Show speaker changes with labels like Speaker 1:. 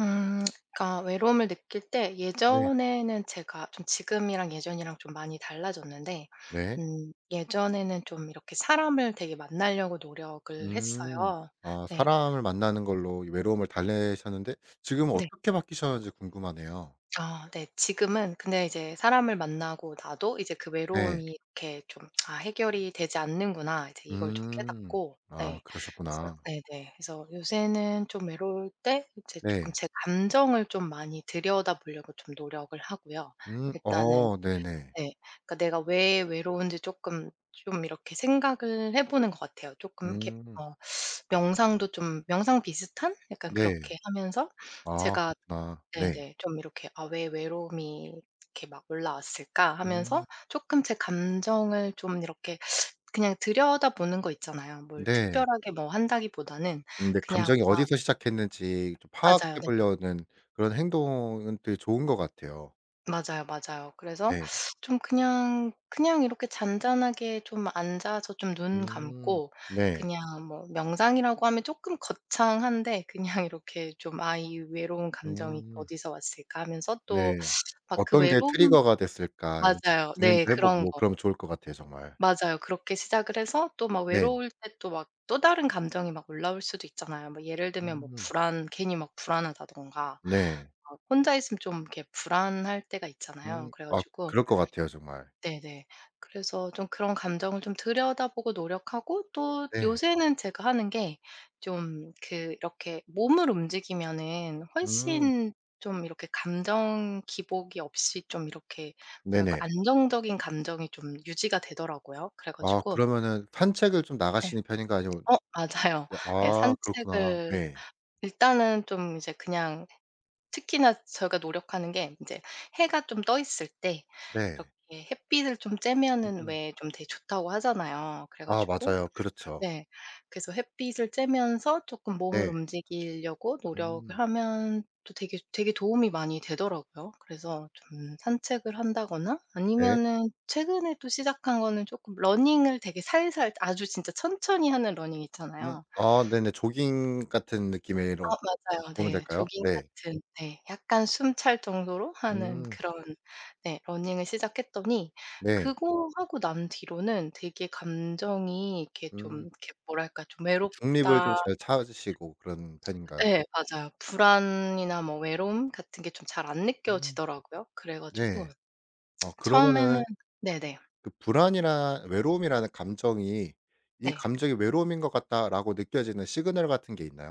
Speaker 1: 음. 그니까 외로움을 느낄 때
Speaker 2: 네.
Speaker 1: 예전에는 제가 좀 지금이랑 예전이랑 좀 많이 달라졌는데
Speaker 2: 네.
Speaker 1: 음 예전에는 좀 이렇게 사람을 되게 만나려고 노력을
Speaker 2: 음.
Speaker 1: 했어요.
Speaker 2: 아
Speaker 1: 네.
Speaker 2: 사람을 만나는 걸로 이 외로움을 달래셨는데 지금은
Speaker 1: 네.
Speaker 2: 어떻게 바뀌셨는지 궁금하네요.
Speaker 1: 아 네. 지금은 근데 이제 사람을 만나고 나도 이제 그
Speaker 2: 네.
Speaker 1: 외로움이 이렇게 좀 '아 해결이 되지 않는구나.' 이제 이걸 좀
Speaker 2: 음.
Speaker 1: 깨닫고
Speaker 2: 아
Speaker 1: 네. 그래서
Speaker 2: 그러셨구나.
Speaker 1: 네네. 그래서 요새는 좀 외로울 때 이제 쪼금
Speaker 2: 네.
Speaker 1: 제 감정을 좀 많이 들여다보려고 좀 노력을 하고요.
Speaker 2: 음.
Speaker 1: 일단은
Speaker 2: 어. 네네.
Speaker 1: 네. 그러니까 내가 왜 외로운지 쪼끔 좀 이렇게 생각을 해 보는 것 같아요. 쪼끔 이렇게
Speaker 2: 음.
Speaker 1: 어 명상도 좀 명상 비슷한? 약간
Speaker 2: 네.
Speaker 1: 그렇게 하면서
Speaker 2: 아
Speaker 1: 제가
Speaker 2: 그렇구나. 네.
Speaker 1: 네네 좀 이렇게 '아 왜 외로움이 이렇게 막 올라왔을까?'
Speaker 2: 음.
Speaker 1: 하면서 쪼끔 제 감정을 좀 이렇게 그냥 들여다보는 거 있잖아요. 뭘
Speaker 2: 네.
Speaker 1: 특별하게 뭐 한다기 보다는
Speaker 2: 근데
Speaker 1: 그냥
Speaker 2: 감정이
Speaker 1: 막
Speaker 2: 어디서 시작했는지 좀
Speaker 1: 맞아요. 네.
Speaker 2: 파악해보려는 그런 행동은 되게 좋은 것 같아요.
Speaker 1: 맞아요, 맞아요. 그래서
Speaker 2: 네.
Speaker 1: 좀 그냥 그냥 이렇게 잔잔하게 좀 앉아서 좀 눈
Speaker 2: 음.
Speaker 1: 감고
Speaker 2: 네.
Speaker 1: 그냥 뭐 명상이라고 하면 쪼끔 거창한데 그냥 이렇게 좀 '아 이 외로운 감정이
Speaker 2: 음.
Speaker 1: 어디서 왔을까.' 하면서 또
Speaker 2: 네.
Speaker 1: 막 그
Speaker 2: 어떤 게
Speaker 1: 외로움
Speaker 2: 트리거가 됐을까 이런 식으로
Speaker 1: 맞아요. 네.
Speaker 2: 고민도 해
Speaker 1: 그런
Speaker 2: 보고
Speaker 1: 거.
Speaker 2: 그러면 좋을 것 같아요 정말.
Speaker 1: 맞아요. 그렇게 시작을 해서 또 막
Speaker 2: 네.
Speaker 1: 외로울 때 또 막 또 다른 감정이 막 올라올 수도 있잖아요. 뭐 예를 들면 뭐
Speaker 2: 음.
Speaker 1: 불안 괜히 막 불안하다든가
Speaker 2: 네.
Speaker 1: 어 혼자 있으면 좀 이렇게 불안할 때가 있잖아요.
Speaker 2: 음.
Speaker 1: 그래
Speaker 2: 아
Speaker 1: 가지고
Speaker 2: 그럴 것 같아요 정말.
Speaker 1: 네네. 그래서 좀 그런 감정을 좀 들여다보고 노력하고 또
Speaker 2: 네.
Speaker 1: 요새는 제가 하는 게 좀 그 이렇게 몸을 움직이면은
Speaker 2: 음.
Speaker 1: 훨씬 좀 이렇게 감정 기복이 없이 좀 이렇게 뭐랄까
Speaker 2: 네네.
Speaker 1: 안정적인 감정이 좀 유지가 되더라고요. 그래
Speaker 2: 아
Speaker 1: 가지고
Speaker 2: 그러면은 산책을 좀
Speaker 1: 네.
Speaker 2: 나가시는 편인가요? 아니면
Speaker 1: 어 맞아요.
Speaker 2: 네
Speaker 1: 네.
Speaker 2: 아 그렇구나.
Speaker 1: 산책을
Speaker 2: 네.
Speaker 1: 일단은 좀 이제 그냥 특히나 저희가 노력하는 게 인제 해가 좀 떠 있을 때
Speaker 2: 네.
Speaker 1: 이렇게 햇빛을 좀 쬐면은
Speaker 2: 음.
Speaker 1: 왜 좀 되게 좋다고 하잖아요. 그래
Speaker 2: 아.
Speaker 1: 가지고
Speaker 2: 맞아요. 그렇죠.
Speaker 1: 네 그래서 햇빛을 쬐면서 쪼끔 몸을
Speaker 2: 네.
Speaker 1: 움직이려고 노력을
Speaker 2: 음.
Speaker 1: 하면 또 되게 되게 도움이 많이 되더라고요. 그래서 좀 산책을 한다거나
Speaker 2: 네.
Speaker 1: 아니면은 최근에 또 시작한 거는 쪼끔 러닝을 되게 살살 아주 진짜 천천히 하는 러닝
Speaker 2: 음.
Speaker 1: 있잖아요.
Speaker 2: 아 네네. 조깅 같은
Speaker 1: 아
Speaker 2: 느낌으로
Speaker 1: 맞아요.
Speaker 2: 보면
Speaker 1: 네.
Speaker 2: 될까요?
Speaker 1: 조깅
Speaker 2: 네.
Speaker 1: 같은 네. 약간 숨찰 정도로 하는
Speaker 2: 음.
Speaker 1: 그런 네 러닝을 시작했더니
Speaker 2: 네.
Speaker 1: 그거 하고 난 뒤로는 되게 감정이 이렇게 좀
Speaker 2: 음.
Speaker 1: 이렇게 뭐랄까 좀
Speaker 2: 중립을 좀
Speaker 1: '외롭다.'
Speaker 2: 잘 찾으시고 그런 편인가요?
Speaker 1: 예. 맞아요. 불안이나 뭐 외로움 같은 게 좀 잘 안
Speaker 2: 음.
Speaker 1: 느껴지더라고요. 그래 가지고
Speaker 2: 네. 어
Speaker 1: 처음에는
Speaker 2: 그러면은
Speaker 1: 네네.
Speaker 2: 그 불안이나 외로움이라는 감정이 '이
Speaker 1: 네.
Speaker 2: 감정이 외로움인 것 같다.'라고 느껴지는 시그널 같은 게 있나요?